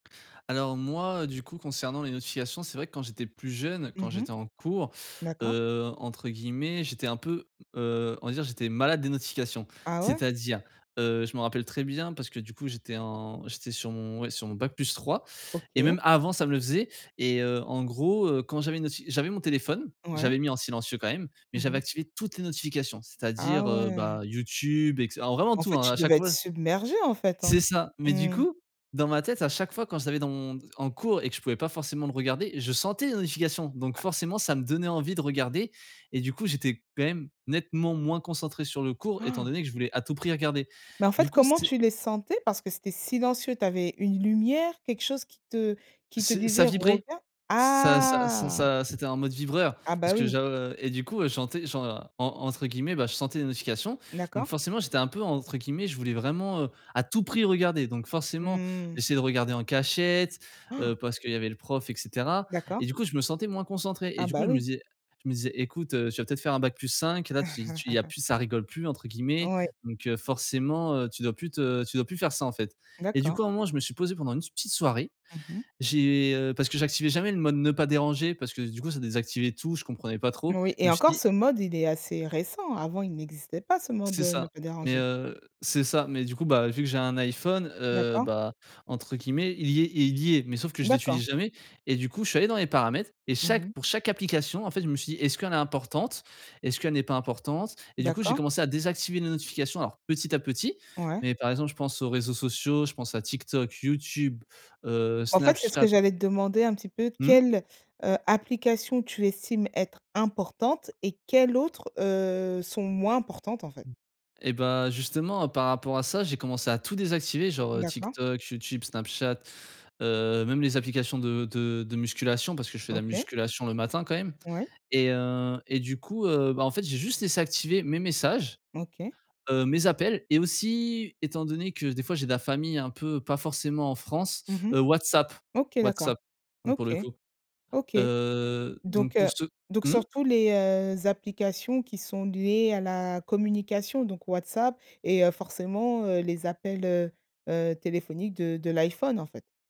Alors moi, heu, du coup, concernant les notifications, c'est vrai que quand j'étais plus jeune, quand Mmh mh. j'étais en cours, D'accord. heu, entre guillemets, j'étais un peu, heu, on va dire, j'étais «malade» des notifications. Ah ouais? C'est-à-dire, heu, je me rappelle très bien parce que du coup, j'étais en j'étais sur mon ouais, sur mon bac plus 3, et OK. même avant, ça me le faisait, et heu, en gros, heu, quand j'avais une noti j'avais mon téléphone, Ouais. j'avais mis en silencieux quand même, mais Mmh j'avais mh. activé toutes les notifications, Ah c'est-à-dire, heu, bah, ouais. YouTube, et cetera, alors vraiment En tout, fait, hein, à tu chaque devais être fois submergé, en fait, C'est hein. ça. Mais du Mmh. coup, dans ma tête, à chaque fois, quand je l'avais dans mon en cours et que je pouvais pas forcément le regarder, je sentais les notifications donc Ah. forcément, ça me donnait envie de regarder et du coup, j'étais quand même nettement moins concentré sur le cours étant donné que je voulais à tout prix regarder. Mais en Du fait, coup, comment c'est tu les sentais? Parce que c'était silencieux, tu avais une lumière, quelque chose qui te qui te C ça disait: vibrait. «Regarde?» Ça ça ça Ah. ça c'était un mode vibreur, Ah bah, parce que oui. j'av et du coup, je sentais, genre, en entre guillemets, «je sentais des notifications» donc D'accord. forcément, j'étais un peu, entre guillemets, je voulais vraiment, heu, «à tout prix regarder». Donc forcément, Mmh. j'essaie de regarder en cachette, heu, parce qu'il y avait le prof, et cetera. Et D'accord. du coup, je me sentais moins concentré et Ah du coup, bah, je me oui. disais je me disais: «Écoute, heu, tu vas peut être faire un bac plus 5 et là, tu tu il y a plus "ça rigole plus" entre guillemets. Ouais. Donc heu, forcément, heu, tu dois plus te tu dois plus faire ça, en fait». Et du D'accord. coup, à un moment, je me suis posé pendant une petite soirée, Mmh mh. j'ai, heu, parce que j'activais jamais le mode «ne pas déranger» parce que du coup ça désactivait tout, je comprenais pas trop, Oui je et me suis encore dit ce mode, il est assez récent, avant il n'existait pas, ce mode, C'est heu, «ne ça. pas Mais déranger». heu c'est ça, mais du coup, bah, vu que j'ai un iPhone, heu, D'accord. bah, entre guillemets, «il y est il y est» mais sauf que je D'accord. l'utilise jamais et du coup, je suis allé dans les paramètres et Mmh chaque mh. pour chaque application, en fait, je me suis dit: «Est-ce qu'elle est importante? Est-ce qu'elle n'est pas importante?» Et du coup, j'ai D'accord. commencé à désactiver les notifications, alors petit à petit, Ouais. mais par exemple, je pense aux réseaux sociaux, je pense à TikTok, YouTube, heu, En fait, c'est ce Snapchat. que j'allais te demander un petit peu, Mmh? quelle, heu, application tu estimes être importante, et quelles autres, heu, sont moins importantes, en fait? Et bah, justement, par rapport à ça, j'ai commencé à tout désactiver genre, heu, D'accord. TikTok, YouTube, Snapchat, heu, même les applications de de de musculation- parce que je fais de la OK. musculation le matin, quand même- Ouais. et heu, et du coup, heu, bah, en fait, j'ai juste laissé activés mes messages, OK. heu, mes appels et aussi, étant donné que des fois, j'ai de la famille un peu pas forcément en France, Mmh mh. heu, WhatsApp. OK, d'accord. WhatsApp donc, pour OK. le coup. OK. Heu, Donc donc pour heu, ce donc Mmh? surtout les, heu, applications qui sont liées à la communication, donc WhatsApp et heu, forcément, heu, les appels, heu heu, téléphoniques de de l'iPhone, en fait.